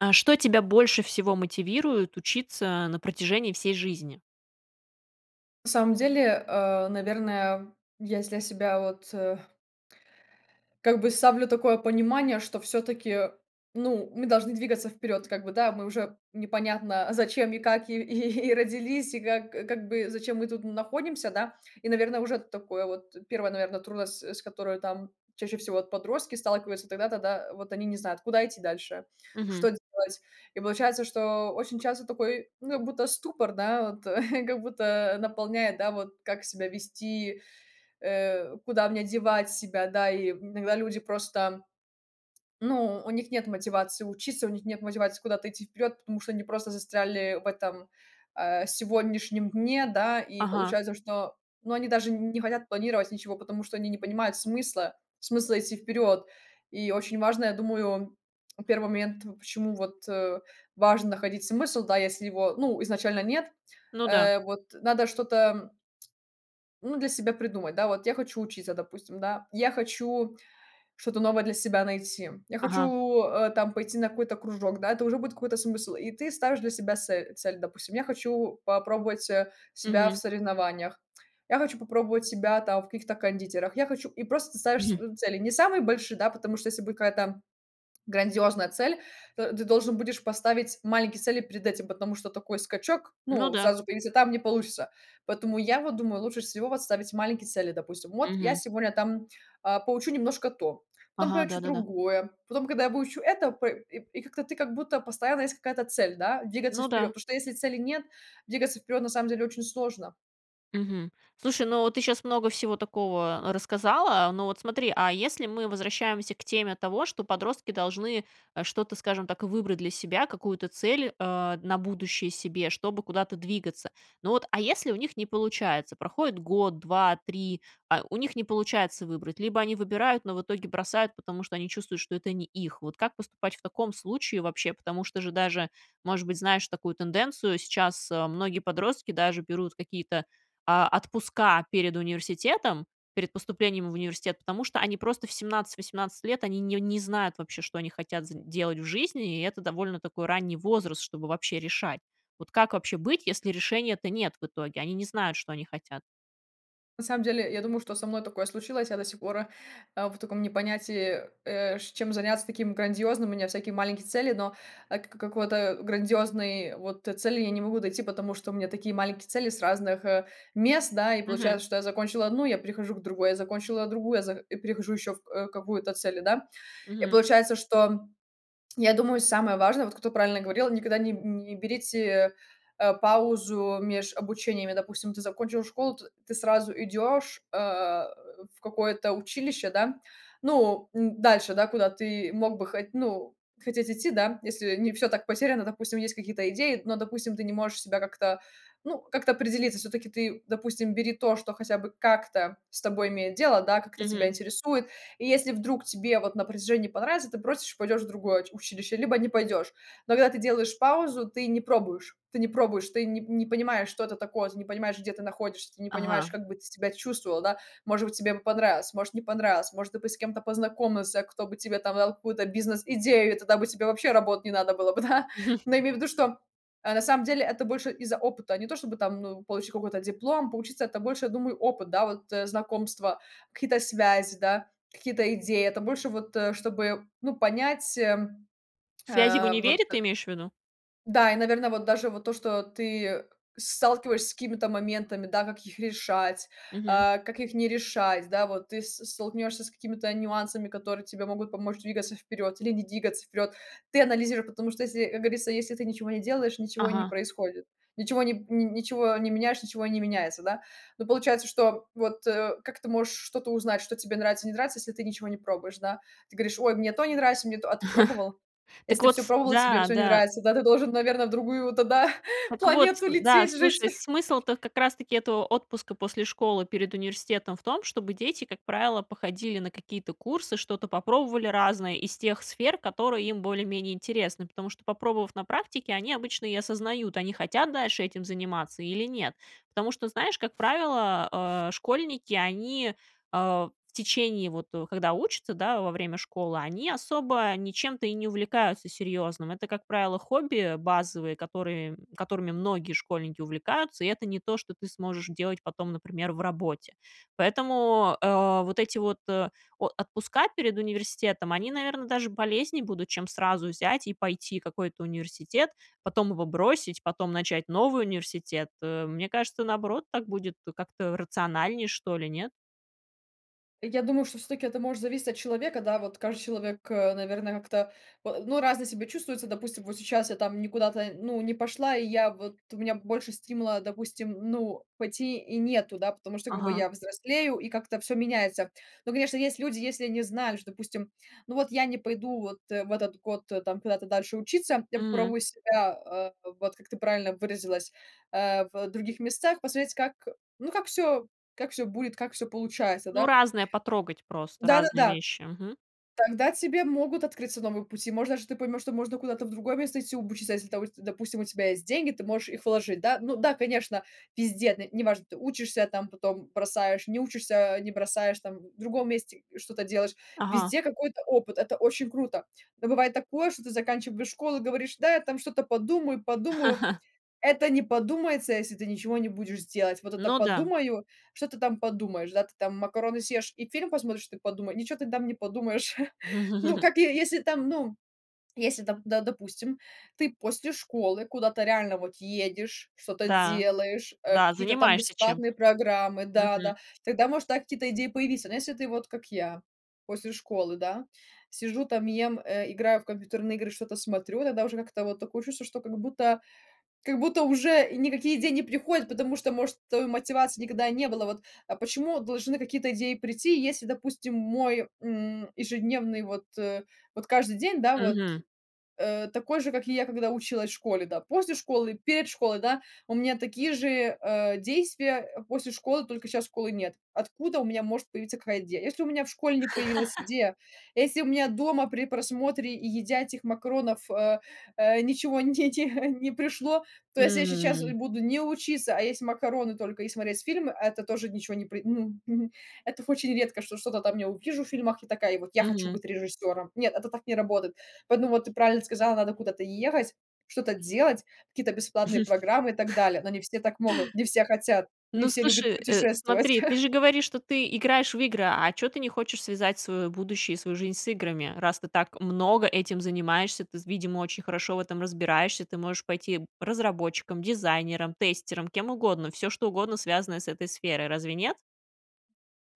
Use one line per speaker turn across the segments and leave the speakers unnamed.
А что тебя больше всего мотивирует учиться на протяжении всей жизни?
На самом деле, э, наверное, если я себя вот, э как бы ставлю такое понимание, что всё-таки, ну, мы должны двигаться вперед как бы, да, мы уже непонятно, зачем и как и и и родились, и как как бы зачем мы тут н находимся, да, и, наверно, уже такое вот, 1, наверно, трудность, э, с которой там чаще всего вот подростки сталкиваются тогда-то, да: вот они не знают, куда идти дальше, что
Мгм.
делать. И получается, что очень часто такой, ну, будто ступор, да, вот как будто, э, наполняет, да, вот, как себя вести, э, куда мне девать себя, да. И иногда люди просто, ну, у них нет мотивации учиться, у них нет мотивации куда-то идти вперед, потому что они просто застряли в этом, э, сегодняшнем дне, да. И
Ага.
получается, что, ну, они даже не хотят планировать ничего, потому что они не понимают смысла смысла идти вперед. И очень важно, я думаю, 1 момент, почему вот, э, важно находить смысл, да, если его, ну, изначально нет,
Ну да.
э, вот надо что-то, м, ну, для себя придумать, да. Вот я хочу учиться, допустим, да, я хочу что-то новое для себя найти, я
Ага.
хочу, э, там пойти на какой-то кружок, да, это уже будет какой-то смысл. И ты ставишь для себя сель цель: допустим, я хочу попробовать, э, себя в
Мгм.
соревнованиях, я хочу попробовать себя там в каких-то кондитерах, я хочу И просто ты ставишь
Мгм.
свою цель, не самые большие, да, потому что, если будет какая-то грандиозная цель, то ты должен будешь поставить маленькие цели перед этим, потому что такой скачок,
Ну
ну,
да.
сразу перейти, там не получится. Поэтому я вот думаю, лучше всего вот ставить маленькие цели: допустим, вот я
Мгм.
сегодня там, а, поучу немножко то, потом
Ага,
поучу
да-да-да.
другое, потом, когда я выучу это пэ и и как-то ты как будто постоянно есть какая-то цель, да, двигаться
Ну
вперед.
да.
Потому что, если цели нет, двигаться вперед на самом деле очень сложно.
Мгм. Слушай, но ты щас много всего такого рассказала. Ну вот смотри, а если мы возвращаемся к теме того, что подростки должны, э, что-то, скажем так, выбрать для себя, какую-то цель, а, на будущее себе, чтобы куда-то двигаться. Ну, вот, а если у них не получается? Проходит год, 2, 3, а у них не получается выбрать, либо они выбирают, но в итоге бросают, потому что они чувствуют, что это не их. Вот как поступать в таком случае вообще? Потому что же даже Может быть, знаешь такую тенденцию: сейчас, э, многие подростки даже берут какие-то, а, отпуска перед университетом, перед поступлением в университет. Потому что они просто в 17-18 лет- они не не знают вообще, что они хотят з делать в жизни, и это довольно такой ранний возраст, чтобы вообще решать. Вот как вообще быть, если решения-то нет в итоге? Они не знают, что они хотят.
На самом деле, я думаю, что со мной такое случилось. Я до сих пор, э, э, в таком не понятии, э, ш чем заняться таким грандиозным. У меня всякие маленькие цели, но, э, к к какого-то грандиозной вот, э, цели я не могу найти. Потому что у меня такие маленькие цели с разных, э, мест, да. И
Мгм.
получается, что я закончила одну, я перехожу к другой, я закончила другую, я за и перехожу еще в э, какую-то цели, да. И
Мгм.
получается, что, м, я думаю, самое важное,- вот кто правильно говорил,- никогда не н не берите, э, э, паузу меж обучениями. Допустим, ты закончил школу, т ты сразу идешь, э, в какое-то училище, да. Ну н дальше, да, куда ты мог бы хо ну, хотеть идти, да, если не всё так потеряно. Допустим, есть какие-то идеи, но, допустим, ты не можешь себя как-то ну, как-то определиться. Всё-таки ты, допустим, бери то, что хотя бы как-то с тобой имеет дело, да, как-то тебя
Мгм.
интересует. И если вдруг тебе вот на протяжении не понравится, ты бросишь, пойдешь в другое уч училище либо не пойдешь. Но когда ты делаешь паузу, ты не пробуешь, ты не пробуешь, ты ни не понимаешь, что это такое, ты не понимаешь, где ты находишься, ты не понимаешь,
Ага.
как бы ты себя чувствовал, да. Может быть, тебе бы понравилось, может, не понравилось, может, ты бы с кем-то познакомился, кто бы тебе там дал какую-то бизнес идею, и тогда бы тебе вообще работать не надо было бы, да. Но я имею ввиду, что, э, на самом деле это больше из-за опыта. Не то чтобы там, ну, получить какой-то диплом. Поучиться- это больше, я думаю, опыт, да, вот, э, знакомства, какие-то связи, да, какие-то идеи, это больше вот, э, чтобы, ну, понять, эм
Связи в
Э, вот
универе,
э
ты имеешь в виду?
Да, и, наверно, вот даже вот то, что ты, э, с сталкиваешься с какими-то моментами, да. Как их решать,
Мгм.
а, как их не решать? Да, вот ты с столкнешься с какими-то нюансами, которые тебе могут помочь двигаться вперед или не двигаться вперед. Ты анализируй, потому что если, э, как говорится, если ты ничего не делаешь, ничего и не
Ага.
происходит ничего ни н ничего не меняешь- ничего и не меняется, да. Но получается, что вот, э как ты можешь что-то узнать, что тебе нравится, не нравится, если ты ничего не пробуешь, да. Ты говоришь: "Ой, мне то не нравится, мне то" А ты пробовал?
Так
Если ты
вот
всё
тс
пробовал, и тебе
Да,
всё не
да.
нравится, да, ты должен, наверно, в другую тогда
Так вот ц
планету
э, м. Да,
лететь, жить.
слушай, смысл-то как раз таки этого отпуска после школы перед университетом в том, чтобы дети, как правило, походили на какие-то курсы. Что-то попробовали разное из тех сфер, которые им более-менее интересны. Потому что попробовав на практике, они обычно и осознают, они хотят дальше этим заниматься или нет. Потому что, знаешь, как правило, э, школьники, они, э, в течение вот, э, когда учатся, да, во время школы, они особо ничем-то и не увлекаются серьезным. Это, как правило, хобби базовые, которые, м которыми многие школьники увлекаются, и это не то, что ты сможешь делать потом, например, в работе. Поэтому, э, вот эти вот, э, о отпуска перед университетом- они, наверно, даже полезнее будут, чем сразу взять и пойти какой-то университет, потом его бросить, потом начать новый университет, э. Мне кажется, наоборот, так будет как-то рациональнее, что ли, нет?
Я думаю, что всё-таки это может зависеть от человека, да, вот каждый человек, э, наверно, как-то, а, ну, разное себя чувствуется. Допустим, вот сейчас я там никуда-то, ну, не пошла, и я вот у меня б больше стимула, допустим, н ну, пойти и нету, да, потому что как бы
Ага.
я взрослею и как-то всё меняется. Ну, конечно, есть люди, если они знают, что, допустим, ну, вот я не пойду вот в этот год, э, там куда-то дальше учиться, я
Мгм.
попробую себя, а, вот, как ты правильно выразилась, а, в других местах посмотреть, как, ну, как всё как всё будет, как всё получается,
Ну,
да.
разное потрогать, просто разные
Да-да-да.
вещи. Мгм.
Тогда тебе могут открыться новые пути. Может, даже ты поймёшь, что можно куда-то в другое место идти обучиться. Если та вости допустим, у тебя есть деньги, ты можешь их вложить, да. Ну да, конечно, везде, на неважно, ты учишься там, потом бросаешь, не учишься, э, не бросаешь там, в другом месте что-то делаешь.
Ага.
Везде какой-то опыт- это очень круто. Но бывает такое, что ты заканчиваешь школу, говоришь: "Да, я там что-то подумаю подумаю". Это не подумается, если ты ничего не будешь делать. Вот это
Ну да.
"подумаю"- что ты там подумаешь? Да ты там макароны съешь и фильм посмотришь, ты подумае ничего ты там не подумаешь. Ну, как, е если там, ну, если там, да, допустим, ты после школы куда-то реально вот едешь, что-то
Да,
делаешь, э,
да,
какие-то там
занимаешься
бесплатные
чем-то.
программы
Мгм.
Да-да, тогда, может, да, какие-то идеи появиться. Но если ты, вот как я, после школы, да, сижу там, ем, э, играю в компьютерные игры, что-то смотрю, тогда уже как-то вот такое чувство, что как будто как будто уже и никакие идеи не приходят, потому что, может, э, мотивации никогда и не было, вот. А почему должны какие-то идеи прийти, если, допустим, мой, м, ежедневный вот, э, вот каждый день, да, вот,
Мгм.
э, такой же, как и я, когда училась школе, да? После школы, перед школой, да, у меня такие же, а, действия, э, после школы, только щас школы нет. Откуда у меня может появиться какая идея? Если у меня в школе не появилась идея, если у меня дома при просмотре и едя этих макаронов, а, а, ничего не те те не пришло, то если я сейчас
М.
буду не учиться, а есть макароны только и смотреть фильмы, а это тоже ничего не при мгм, мгм. Это очень редко, что что-то там я увижу в фильмах и такая: "Вот я хочу
Мгм.
быть режиссёром". Нет, это так не работает. Поэтому вот ты правильно сказала: надо куда-то ехать, что-то делать, какие-то бесплатные программы и так далее. Но не все так могут, не все хотят, не
Ну,
все любят
слушай, э,
путешествовать.
смотри, ты же говоришь, что ты играешь в игры, а чё ты не хочешь связать своё будущее и свою жизнь с играми, раз ты так много этим занимаешься? Ты, з видимо, очень хорошо в этом разбираешься. Ты можешь пойти разработчиком, дизайнером, тестером, кем угодно, всё что угодно, связанное с этой сферой. Разве нет?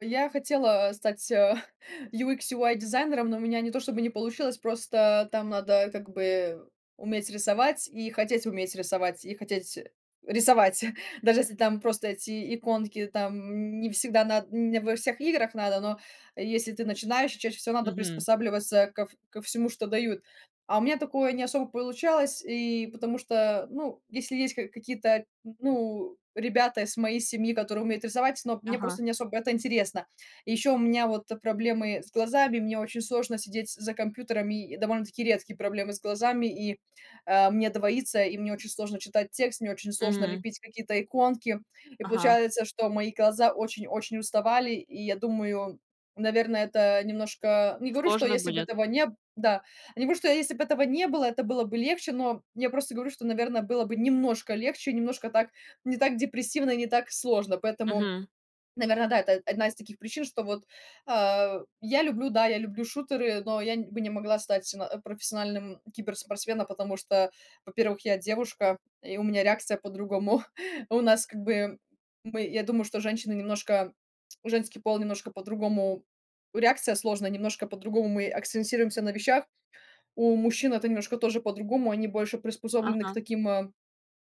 Я хотела, а, стать, а, UX/UI-дизайнером, но у меня не то чтобы не получилось, просто там надо, как бы, уметь рисовать и хотеть уметь рисовать, и хотеть, э, рисовать. Даже если там просто эти иконки, там н не всегда над не во всех играх надо, но если ты начинаешь, чаще всего надо
Мгм.
приспосабливаться ков ко всему, что дают. А у меня такое не особо получалось и потому что ну если есть ка какие-то н ну ребята из моей семьи, которые умеют рисовать, но мне
Ага.
просто не особо это интересно. И ещё у меня вот проблемы с глазами, мне очень сложно сидеть за компьютерами. И довольно-таки редкие проблемы с глазами и, э, мне двоится, и мне очень сложно читать текст, мне очень сложно
Мгм.
лепить какие-то иконки. И
Ага.
получается, что мои глаза очень очень уставали, и я думаю, наверно, это немножко не говорю, что
Сложно
если бы
будет?
этого не Да. Я не говорю, что если бы этого не было, это было бы легче, но я просто говорю, что, наверно, было бы немножко легче, немножко так не так депрессивно и не так сложно. Поэтому,
Мгм.
наверно, да, это одна из таких причин, что вот, а я люблю, да, я люблю шутеры, но я н бы не могла стать сама профессиональным киберспортсменом, потому что, во-первых, я девушка и у меня реакция по-другому. У нас, как бы, мы я думаю, что женщины немножко женский пол немножко по-другому реакция сложная немножко по-другому. Мы акцентируемся на вещах. У мужчин это немножко тоже по-другому. Они больше приспособлены к
Ага.
таким, а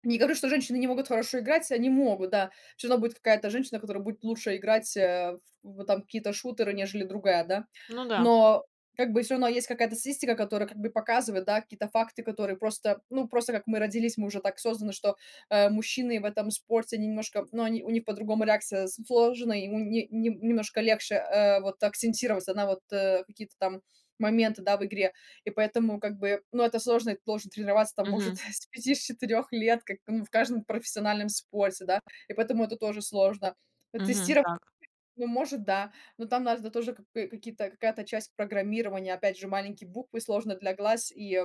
Не говорю, что женщины не могут хорошо играть, они могут, да. Всё равно будет какая-то женщина, которая будет лучше играть, а, в вот там в какие-то шутеры нежели другая, да.
Ну да.
Но, как бы, всё равно есть какая-то статистика, которая, как бы, показывает, да, какие-то факты, которые просто Ну просто как мы родились, мы уже так созданы, что, э, мужчины в этом спорте они немножко ну, они у них по-другому реакция с сложена, ему не не немножко легче, э, вот акцентироваться на вот, э, какие-то там моменты, да, в игре. И поэтому, как бы Ну это сложно, и ты должен тренироваться там, может,
Мгм.
с 5, с 4 лет, как, ну, в каждом профессиональном спорте, да. И поэтому это тоже сложно вот
Мгм.
тестиро
Так.
Ну может, да. Но там надо тоже, как бы, какие-то какая-то часть программирования, опять же маленькие буквы сложно для глаз и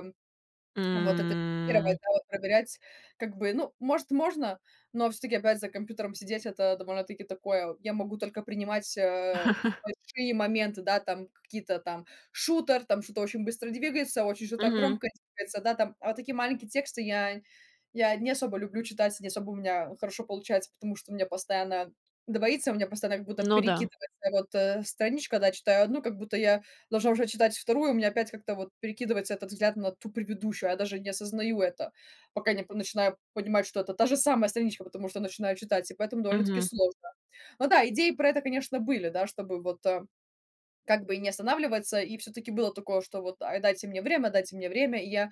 вот это гировать,
М.
да, вот проверять, как бы Ну, может, можно, но всё-таки опять за компьютером сидеть- это довольно-таки такое. Вот, я могу только принимать, а, большие моменты, да, там какие-то там Шутер, там что-то очень быстро двигается, очень что-то
Мгм.
громкое двигается, да, там. А такие маленькие тексты я я не особо люблю читать, не особо у меня хорошо получается, потому что мне постоянно двоится, у меня постоянно, как будто
Ну да.
перекидывается, вот, э, страничка, когда читаю 1, как будто я должна уже читать 2, у меня опять как-то вот перекидывается этот взгляд на ту предыдущую, а я даже не осознаю это, пока не пон начинаю понимать, что это та же самая страничка, потому что начинаю читать, и поэтому довольно-таки
Мгм.
сложно. Ну да, идеи про это, конечно, были, да, чтобы вот, а, как бы не останавливаться и всё-таки было такое, что вот- а дайте мне время, дайте мне время и я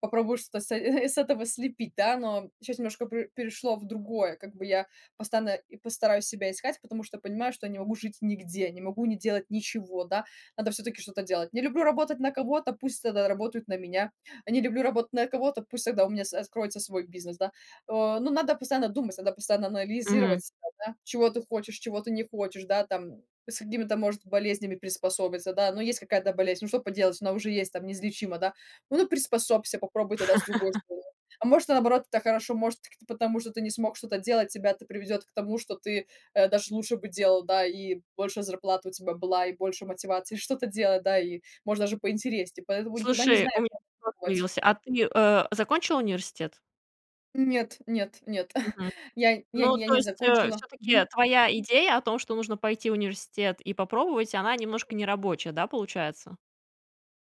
попробую что-то с э с этого слепить, да. Но щас немножко пер перешло в другое, как бы, я постоянно и постараюсь себя искать, потому что понимаю, что не могу жить нигде, не могу не делать ничего, да, надо всё-таки что-то делать. Не люблю работать на кого-то, пусть тогда работают на меня. А не люблю работать на кого-то, пусть тогда у меня с откроется свой бизнес, да. Э, ну надо постоянно думать, надо постоянно
Мгм.
анализировать, там, да. Чего ты хочешь, чего ты не хочешь, да, там с какими-то, может, болезнями приспособиться, да. Ну есть какая-то болезнь. Ну что поделать? Она уже есть, там, неизлечима, да. Ну приспособься, попробуй тогда с другой стороны. А может, наоборот, это хорошо, может, [unintelligible] потому что ты не смог что-то делать, тебя это приведёт к тому, что ты, э, даже лучше бы делал, да, и больше зарплата у тебя была и больше мотивации что-то делать, да, и может даже поинтереснее, поэтому никогда не
Слушай, у
знаешь,
меня
нужно
вопрос
пробовать.
появился. А ты, э, закончила университет?
Нет, нет, нет.
Мгм.
Я я
Ну,
нь я
то
не
есть, э,
закончила.
всё-таки,
Мгм.
твоя идея о том, что нужно пойти в университет и попробовать, она немножко нерабочая, да, получается?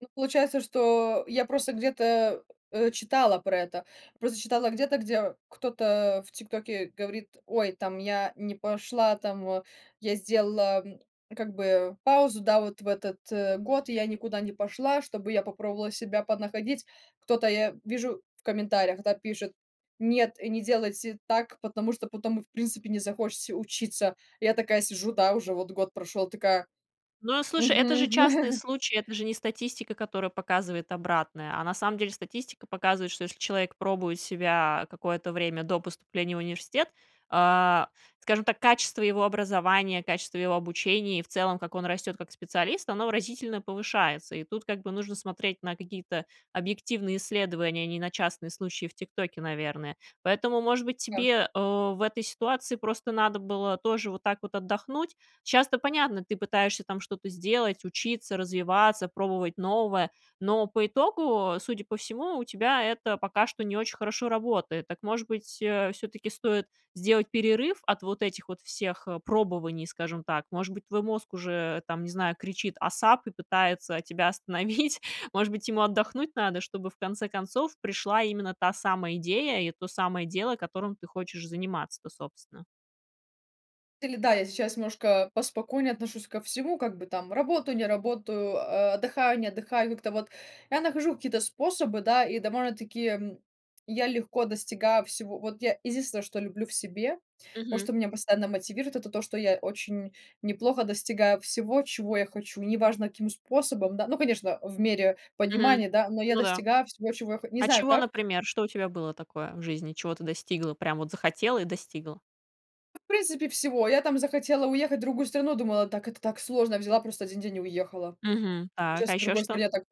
Ну получается, что. Я просто где-то, э, читала про это, просто читала где-то, где кто-то, а, в ТикТоке говорит: "Ой, там я не пошла там, а, я сделала, м, как бы паузу, да вот в этот, э, год я никуда не пошла, чтобы я попробовала себя поднаходить". Кто-то я вижу в комментариях, да, пишет: "Нет и не делайте так, потому что потом вы в принципе не захочите учиться". Я такая сижу, да, уже вот год прошёл такая.
Ну, а слушай, это
Мгм,
же частный
мгм.
случай, это же не статистика, которая показывает обратное. А на самом деле статистика показывает, что если человек пробует себя, а, какое-то время до поступления в университет, а. Скажем так, качество его образования, качество его обучения, и в целом, как он растет как специалист, оно выразительно повышается. И тут как бы нужно смотреть на какие-то объективные исследования, а не на частные случаи в ТикТоке, наверное. Поэтому, может быть,
Да.
тебе, э, в этой ситуации просто надо было тоже вот так вот отдохнуть? Щас то понятно, ты пытаешься там что-то сделать, учиться, развиваться, пробовать новое. Но по итогу, судя по всему, у тебя это пока что не очень хорошо работает. Так, может быть, э, все-таки стоит сделать перерыв от вот этих вот всех, э, пробований, скажем так? Может быть, твой мозг уже, там, не знаю, кричит: "Асап!" И пытается тебя остановить? Может быть, ему отдохнуть надо, чтобы, в конце концов, пришла именно та самая идея и то самое дело, которым ты хочешь заниматься-то, собственно.
Или да, я сейчас немножко поспокойнее отношусь ко всему, как бы, там: работаю, не работаю, а, отдыхаю, не отдыхаю. Как-то вот я нахожу какие-то способы, да, и довольно-таки, м, я легко достигаю всего. Вот я единственное, что люблю в себе, вот
Мгм.
что меня постоянно мотивирует- это то, что я очень неплохо достигаю всего, чего я хочу. Неважно, каким способом, да, ну, конечно, в мере
Мгм.
понимания, да, но я
Ну да.
достигаю всего, чего я хо не
А
знаю
чего,
как.
например? Что у тебя было такое в жизни, чего ты достигла, прям вот захотела- и достигла?
В принципе, всего. Я там захотела уехать в другую страну, думала, так это так сложно, взяла просто один день- и уехала.
Мгм. Так, а
Сейчас в
еще
другой
что?
стране так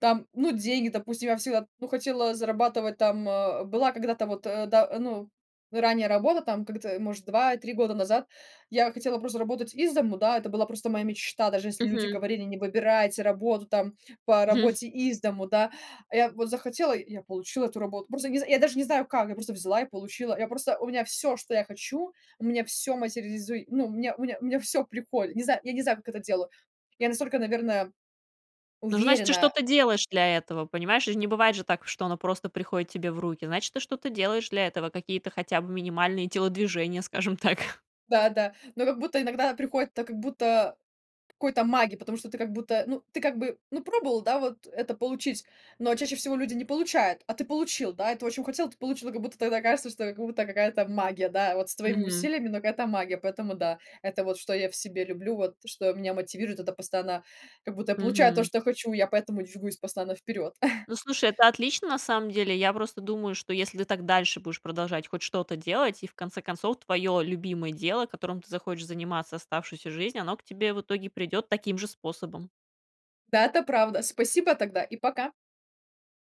там, ну, деньги, допустим. Я всегда, ну, хотела зарабатывать там, а, была когда-то вот, э, да, ну, ранее работа там. Как-то, может, 2-3 года назад я хотела просто работать из дому, да, это была просто моя мечта. Даже если люди
Мгм.
говорили: "Не выбирайте работу там по работе из дому", да, а я вот захотела- и я получила эту работу. Просто не з я даже не знаю как, я просто взяла и получила. Я просто у меня всё, что я хочу, у меня всё материализуй ну, мне мне мне всё приходит, не знаю я не знаю, как это делаю, я настолько, наверное,
Ну, значит, ты
уверена.
что-то делаешь для этого, понимаешь ж, не бывает же так, что оно просто приходит тебе в руки. Значит, ты что-то делаешь для этого, какие-то хотя бы минимальные телодвижения, скажем так.
Да-да. Ну, как будто иногда приходит, это как будто какой-то маги, потому что ты как будто, ну, ты как бы, ну, пробовал, да, вот это получить, но чаще всего люди не получают, а ты получил, да, и ты очень хотел, ты получил. Как будто тогда кажется, что это как будто какая-то магия, да, вот с твоими
Мгм.
усилиями, но какая-то магия. Поэтому да, это вот что я в себе люблю, вот что меня мотивирует, это постоянно, как будто я получаю то,
Мгм.
что я хочу, я поэтому движусь постоянно вперед.
Ну, слушай, это отлично, на самом деле. Я просто думаю, что, если ты так дальше будешь продолжать хоть что-то делать, и, в конце концов, твое любимое дело, которым ты захочешь заниматься оставшуюся жизнь, оно к тебе в итоге придет таким же способом.
Да, это правда! Спасибо тогда, и пока!